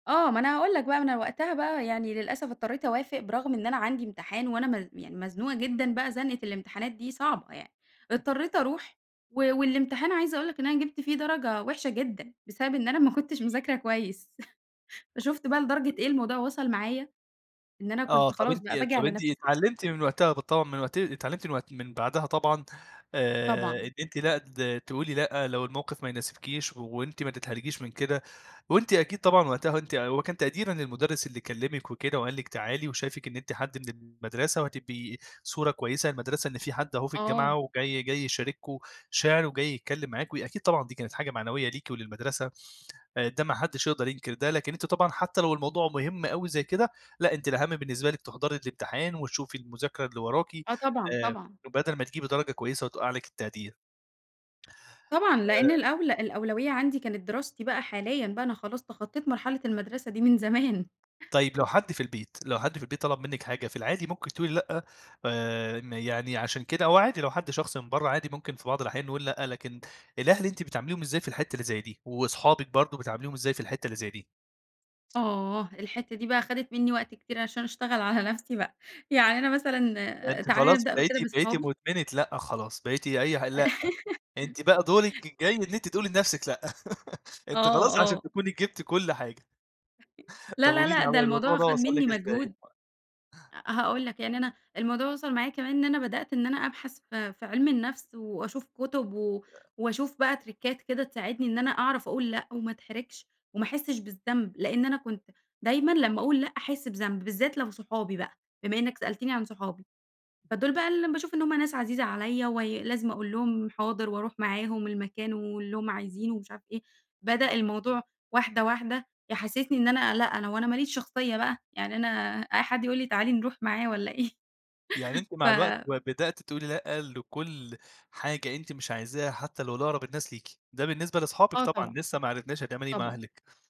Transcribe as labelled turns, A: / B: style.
A: آه، ما أنا هاقول لك بقى ما أنا وقتها بقى يعني للأسف اضطرّيت أوافق برغم إن أنا عندي امتحان، وأنا م يعني مزنوقة جدًا بقى زنقة الامتحانات دي صعبة يعني، اضطريت أروح و والامتحان عايزة أقول لك إن أنا جِبت فيه درجة وحشة جدًا بسبب إن أنا ما كنتش مذاكرة كويس، فشُفت بقى لدرجة إيه
B: [unintelligible]
A: الموضوع وصل معايا إن أنا
B: آه،
A: كنت
B: طَب
A: خلاص
B: أنتِ
A: بقى بآجي
B: طَب
A: على
B: أنتِ
A: نفسي.
B: اتعلمتِ من وقتها بالطبع مت اتعلمتِ من وقت من بعدها طبعًا آآ، إن
A: طبعًا.
B: أنتِ لأ د تقولي لأ لو الموقِف ما يناسبكيش وأنتِ ما تتحرجيش من كده، وأنتِ أكيد طبعًا وقتها أنتِ هو كان تقديرًا للمدُرس اللي كلمِك وكده وقال لِك تعالي وشايفك إن أنتِ حد من المَدرسة وهتبقي صورة كويسة للمدرسة، إن في حد أهو في الجامعة
A: آه.
B: وجاي جاي يشاركم شِعر وجاي يتكلم معاكم أكيد طبعًا دي كانت حاجة معنوية ليكِ وللمدرسة، آآ ده ما حدّش يقدر ينكر ده، لكن أنتِ طبعًا حتى لو الموضوع مُهم أوي زي كده لأ أنتِ الأهم بالنسبة لكِ تحضري الامتحان وتشوفي المذاكرة اللي وراكِ
A: آه، طبعًا،
B: آآ،
A: طبعًا.
B: بدل ما تجيبي درجة كويسة وتوقع لِك التقدير.
A: طبعًا،
B: آآ
A: لأن الأولى الأولوية عندي كانت دراستي بقى حاليًا، بقى أنا خلاص تخطّيت مرحلة المدرسة دي من زمان.
B: طيب لو حد في البيت لو حد في البيت طلب منِك حاجة في العادي ممكن تقولِي لأ آآ، م يعني عشان كده هو عادي لو حد شخص من بره عادي ممكن في بعض الأحيان نقُول لأ، لكن الأهل أنتِ بتعامليهم إزاي في الحتّه اللي زي دي، وأصحابِك برضه بتاعمليهم إزاي في الحتة اللي زي دي؟
A: آه، الحتّه دي بقى خدِت مِنّي وقت كتير عشان أشتغل على نَفْسي بقى، يعني أنا مثلًا
B: أنتِ
A: تعالَ
B: خلاص
A: نبدأ بكده
B: بقيتِ بقيتِ
A: بصحابي.
B: مُدمنة لأ خلاص، بقيتِ أي ح لأ أنتِ بقى دورِك الجاي إن أنتِ تقولِي لنفسِك لأ، أنتِ
A: آه،
B: خلاص عشان
A: آه.
B: تكوني جِبتِ كل حاجة.
A: لا،
B: طَب
A: لا،
B: قولِي
A: لأ
B: لي
A: ده
B: هو الموضوع
A: الموضوع
B: ده
A: خَد
B: وصل
A: مِنّي
B: لِك إزاي؟
A: مجهود، هاقول لك يعني أنا الموضوع وصل معايا كمان إن أنا بدأت إن أنا أبحث في في علم الَنْفس، وأشوف كُتب و
B: آآ
A: وأشوف بقى تِرِكات كده تساعدني إن أنا أعرف أقُول لأ وما أتحرجش، وما أحسش بالذنب، لإن أنا كنت دايمًا لمّا أقُول لأ أحس بذنب، بالذات لو صحابي بقى بما إنك سألتني عن صحابي فدول بقى ال باشوف إن هُم ناس عزيزة عليّا، وي لازم أقُول لهم حاضر وأروح معاهم المكان واللي هُم عايزينه ومش عارف إيه، بدأ الموضوع واحدة واحدة يحسسني إن أنا لأ هو أنا ما ليش شخصية بقى يعني أنا أي حد يقُول لي تعالي نروح معاه والّا إيه؟
B: يعني أنتِ مع الوقت
A: ف
B: ب بدأتِ تقولِي لأ، لكل حاجة أنتِ مش عايزاها حتى لو لأقرب الناس ليكِ، ده بالنسبة لصحابِك
A: آه،
B: طبعًا
A: طبعًا،
B: لسه ما عرفناش هتعملي إيه مع
A: طبعًا.
B: أهلِك.